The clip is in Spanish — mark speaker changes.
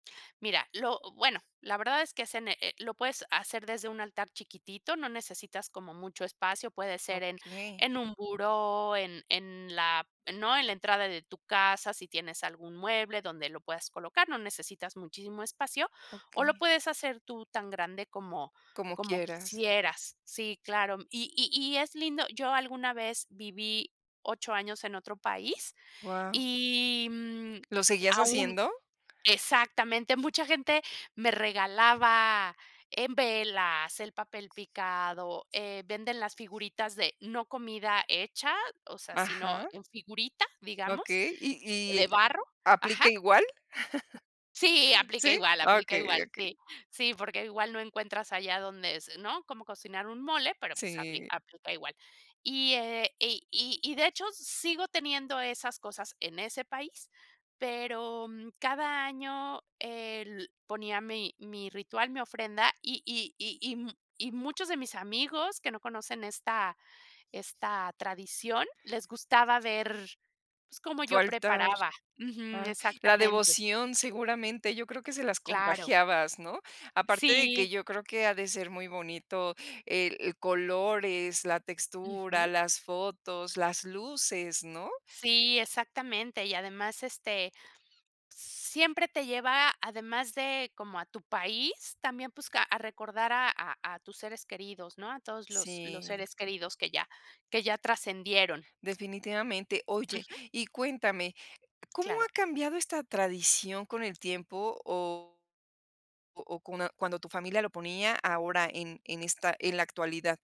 Speaker 1: Mira, lo bueno, la verdad es que se ne eh, lo puedes hacer desde un altar chiquitito, no necesitas como mucho espacio. Puede ser en
Speaker 2: Okey.
Speaker 1: en un buró, en en la ¿no? En la entrada de tu casa, si tienes algún mueble donde lo puedas colocar, no necesitas muchísimo espacio o lo
Speaker 2: Okey.
Speaker 1: puedes hacer tú tan grande como
Speaker 2: Como
Speaker 1: como
Speaker 2: quieras.
Speaker 1: quisieras. Sí, claro. Y y y es lindo. Yo alguna vez viví 8 años en otro país
Speaker 2: Guau.
Speaker 1: y, mm,
Speaker 2: ¿Lo seguías
Speaker 1: aún
Speaker 2: haciendo?
Speaker 1: exactamente. Mucha gente me regalaba en velas, el papel picado, eh, venden las figuritas de, no comida hecha, o sea, sino
Speaker 2: Ajá.
Speaker 1: en figurita, digamos,
Speaker 2: Okey. ¿Y
Speaker 1: de
Speaker 2: y
Speaker 1: barro. Ajá.
Speaker 2: aplica igual?
Speaker 1: Sí, aplica
Speaker 2: ¿Sí?
Speaker 1: igual, aplica
Speaker 2: Okey,
Speaker 1: igual,
Speaker 2: okey.
Speaker 1: sí. Sí, porque igual no encuentras allá donde es, ¿no?, como cocinar un mole, pero, pues, apli
Speaker 2: Sí.
Speaker 1: aplica igual. Y, eh, y y y de hecho, sigo teniendo esas cosas en ese país, pero, mm, cada año, el ponía mi mi ritual, mi ofrenda y y y y m y muchos de mis amigos que no conocen esta esta tradición les gustaba ver, pues, cómo yo
Speaker 2: Faltar.
Speaker 1: preparaba. Ujú,
Speaker 2: Ah, la
Speaker 1: exactamente.
Speaker 2: devoción seguramente, yo creo que se las
Speaker 1: Claro.
Speaker 2: contagiabas, ¿no? Aparte de que
Speaker 1: Sí.
Speaker 2: yo creo que ha de ser muy bonito el el color, es la textura,
Speaker 1: Ujú.
Speaker 2: las fotos, las luces, ¿no?
Speaker 1: Sí, exactamente. Y además, este, siempre te lleva además de como a tu país, también, pues, ca a recordar a a a tus seres queridos, ¿no?, a todos los los
Speaker 2: Sí.
Speaker 1: seres queridos que ya que ya trascendieron.
Speaker 2: Definitivamente. Oye,
Speaker 1: Ujú.
Speaker 2: y cuéntame, ¿cómo ha
Speaker 1: Claro
Speaker 2: cambiado esta tradición con el tiempo o o cona cuando tu familia lo ponía ahora en en esta en la actualidad.